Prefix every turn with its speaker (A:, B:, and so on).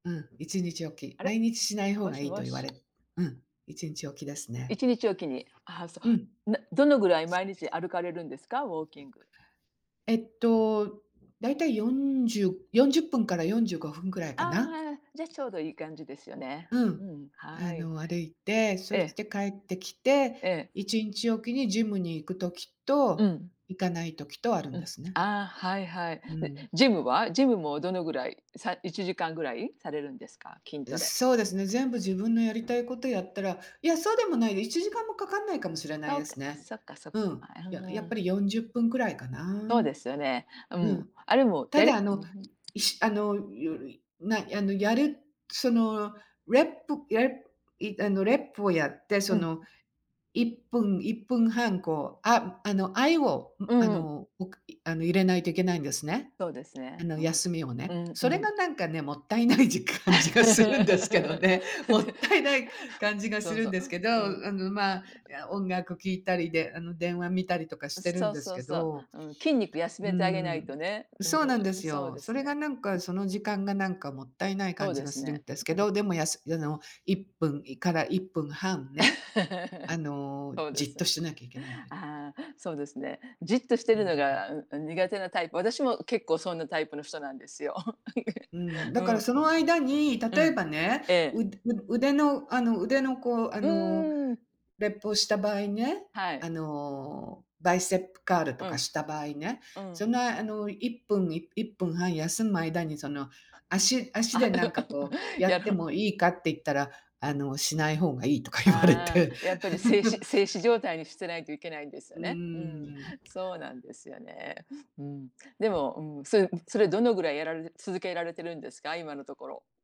A: うん、1日おき。
B: あ
A: 毎
B: れ。
A: 日しない方
B: も
A: が
B: し
A: いいと
B: も
A: 言わ
B: し。
A: れ、うん、1日おきです
B: い
A: ね。
B: ちにちおきに。ああ、そ
A: うん。
B: う。などのぐらい毎日歩かれるんですか？ウォーキング。
A: えっと、大体40-40分から45分くらい
B: あ
A: か
B: あ、
A: な。
B: はいはい。じゃ、ちょうどいい感じですよね。
A: う
B: う
A: ん。
B: ん、は
A: あ
B: い。
A: の、歩いて、そ
B: え
A: し
B: え。
A: て帰ってきて、
B: ええ。
A: 1日おきにジムに行く時
B: う
A: と、
B: ん。
A: 行かない時とあるん
B: う
A: で
B: ん、
A: すね。
B: ああ、はいはい。
A: う
B: で、
A: ん。
B: ジムは？ジムもどのぐらい、さ1時間ぐらいされるんですか、筋ト
A: ん、
B: レ。
A: そうですね。全部自分のやりたいことやったらいや、そうでもないよ、1時間もかかんないかもしれない
B: そう
A: で
B: か、
A: す
B: あ、
A: ね。
B: そっかそっか。
A: うん、
B: あ、ふ
A: やや
B: ー
A: っぱ
B: ん。
A: り40分くらいかな。
B: そうですよね。う
A: う
B: ん。
A: ん。
B: あれも
A: た
B: や
A: だ、あ
B: り
A: の、いしあの、よるいな、あの、やる、そのレップ、やれいあの、レップをやって、
B: う
A: そ
B: ん。
A: の、1分、1分半、こう、あ、あの、あいを
B: う
A: ん、あ
B: んうん。
A: の、おくいあの入れないといけないんですね。
B: そうです
A: あ
B: ね、
A: の、
B: うん。
A: 休みをね。
B: うんう
A: それ
B: ん。
A: がなんかね、もったいないじ感じがするんですけどね。も
B: で、
A: ったいない感じがす
B: そう
A: る
B: そ
A: ん
B: う、
A: ですけど、
B: うん。う
A: あの、まあ、いや、音楽聴いたりで、あの、電話見たりとかし
B: ん、
A: てる
B: そ
A: ん
B: う
A: です
B: そう
A: け
B: そう、
A: ど。
B: うん、筋肉休
A: うー
B: めてあげない
A: ん。
B: とね、うん、
A: そうなんです
B: そう
A: よ。
B: で
A: そ
B: す
A: れが、
B: ね、
A: なん
B: う
A: か、
B: ん。
A: その時間がなんかもったいない
B: そ
A: 感
B: う
A: じ
B: で
A: が
B: す
A: するん
B: ね。
A: です
B: う
A: け
B: ん。
A: ど、でもやすあの、1分から1分半ね、あ の、
B: そうで
A: じっと
B: す。
A: してなきゃいけないんです。
B: ああ、そうですね、じっとして
A: う
B: る
A: ー
B: の
A: ん。
B: が苦手なタイプ、私も結構そんなタイプの人なんですよ。
A: うーん、
B: う
A: だから
B: ん。
A: その間に、
B: う
A: 例え
B: ん。
A: ばね、
B: え
A: う
B: え。
A: う腕の、あの、腕の、こう、あ
B: う
A: の、
B: ーん。
A: レップをした場合ね、
B: はい。
A: あの、バイステップカール
B: う
A: とか
B: ん。
A: した場合ね、
B: う
A: そん
B: ん。
A: な、あの、1分、い1分半休む間に、その、足
B: あ、
A: 足で、なんか、こう、
B: い
A: や
B: や、
A: っ
B: あ
A: ても
B: の。
A: いいかって言ったら、あの、しない方がいいとか言われ
B: あ
A: て。
B: あ、やっぱり、静止 静止状態にしてないといけないんですよ
A: う
B: ね、うん。
A: ーん。
B: そうなんですよね、うん。でも、うん、それそれどのぐらいやられ続けられてるんですか？今のところ。